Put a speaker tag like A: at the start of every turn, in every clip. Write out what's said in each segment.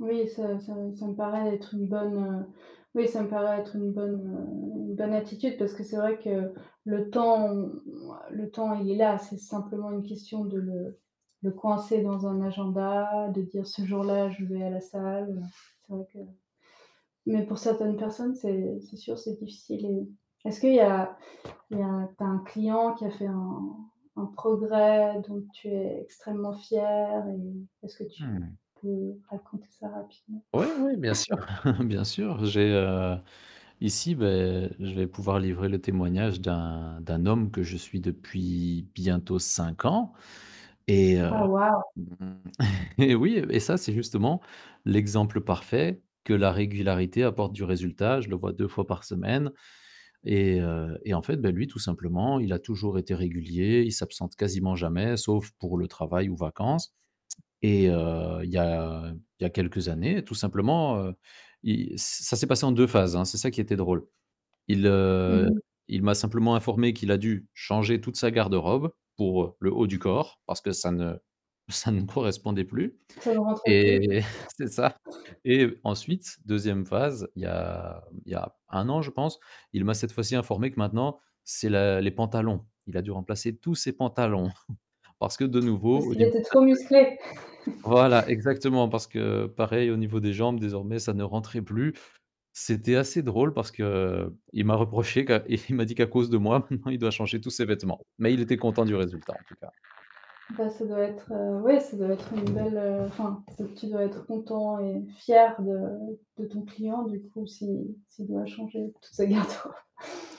A: Oui ça ça ça me paraît être une bonne, heu, oui, ça me paraît être une bonne, heu, une bonne attitude parce que c'est vrai que le temps, on on le temps, il est là, c'est simplement une question de le de coincer dans un
B: [unintelligible]
A: agenda, de dire: «Ce jour-là, je vais à la salle, heu», c'est vrai que mais pour certaines personnes c'est c'est sûr, c'est difficile et, est-ce qu'il y a il y a tu a un client qui a fait un un progrès, dont tu es extrêmement fier? Et est-ce que
B: Mmh
A: tu
B: mh.
A: peux raconter ça rapidement?
B: Ouais, ouais, bien sûr, bien sûr, j'ai, heu, ici, bah, je vais pouvoir livrer le témoignage d'un, d'un homme que je suis depuis bientôt 5 ans et heu,
A: Oh waouh!
B: eh oui, et ça, c'est justement l'exemple parfait que la régularité apporte du résultat. Je le vois 2 fois par semaine et, heu, et en fait, bah, lui, tout simplement, il a toujours été régulier. Il s'absente quasiment jamais, sauf pour le travail ou vacances et heu, il y a il y a quelques années, tout simplement, heu, il ça s'est passé en 2 phases, hein, c'est ça qui était drôle. Il,
A: Mmh
B: heu,
A: mh.
B: il m'a simplement informé qu'il a dû changer toute sa garde-robe pour le haut du corps parce que ça ne ça ne correspondait plus
A: Ça ne rentre
B: et
A: plus?
B: c'est ça. Et ensuite 2e phase, il y a il y a 1 an, je pense, il m'a, cette fois-ci, informé que maintenant c'est la les pantalons. Il a dû remplacer tous ses pantalons parce que, de nouveau,
A: Parce
B: au
A: qu'il
B: niveau
A: était
B: de
A: trop musclé.
B: [unintelligible] voilà, exactement, parce que pareil, au niveau des jambes, désormais, ça ne rentrait plus. C'était assez drôle parce qu'il m'a reproché qu'à c et il m'a dit qu'à cause de moi, maintenant, il doit changer tous ses vêtements. Mais il était content du résultat en tout cas.
A: Bah, ça doit être, heu, ouais, ça doit être une belle, enfin, c'est tu dois être content et fier de de ton client, du coup, s'il s'il doit changer toute sa garde robe.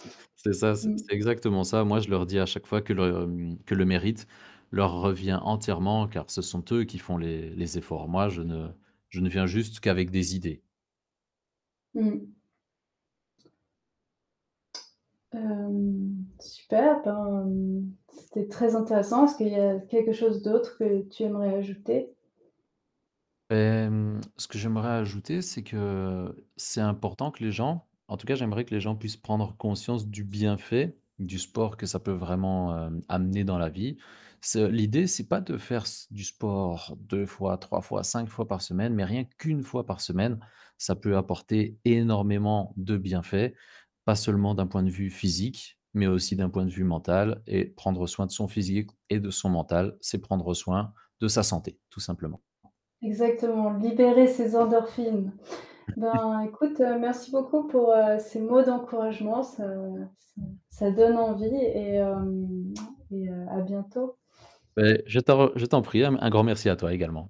B: C'est c'est ça, c'est
A: Mmh.
B: c'est exactement ça. Moi, je leur dis à chaque fois que le, hem, que le mérite leur revient entièrement car ce sont eux qui font les les efforts. Moi, je ne je ne viens juste qu'avec des idées.
A: Mmh. Hem, Super, ben, mmh, c'était très intéressant, est-ce qu'il y a quelque chose d'autre que tu aimerais ajouter?
B: Hem, ce que j'aimerais ajouter, c'est que c'est important que les gens en tout cas, j'aimerais que les gens puissent prendre conscience du bienfait du sport que ça peut vraiment, hem, amener dans la vie. Ce l'idée, c'est pas de faire s du sport 2 fois, 3 fois, 5 fois par semaine, mais rien qu'1 fois par semaine, ça peut apporter énormément de bienfaits, pas seulement d'un point de vue physique, mais aussi d'un point de vue mental et prendre soin de son physique et de son mental, c'est prendre soin de sa santé, tout simplement.
A: Exactement, libérer ses endorphines. Ben, écoute, heu, merci beaucoup pour, heu, ces mots d'encouragement, ça ça ça donne envie et, hem, et heu, à bientôt.
B: Beh, je t'en je t'en prie, un un grand merci à toi également.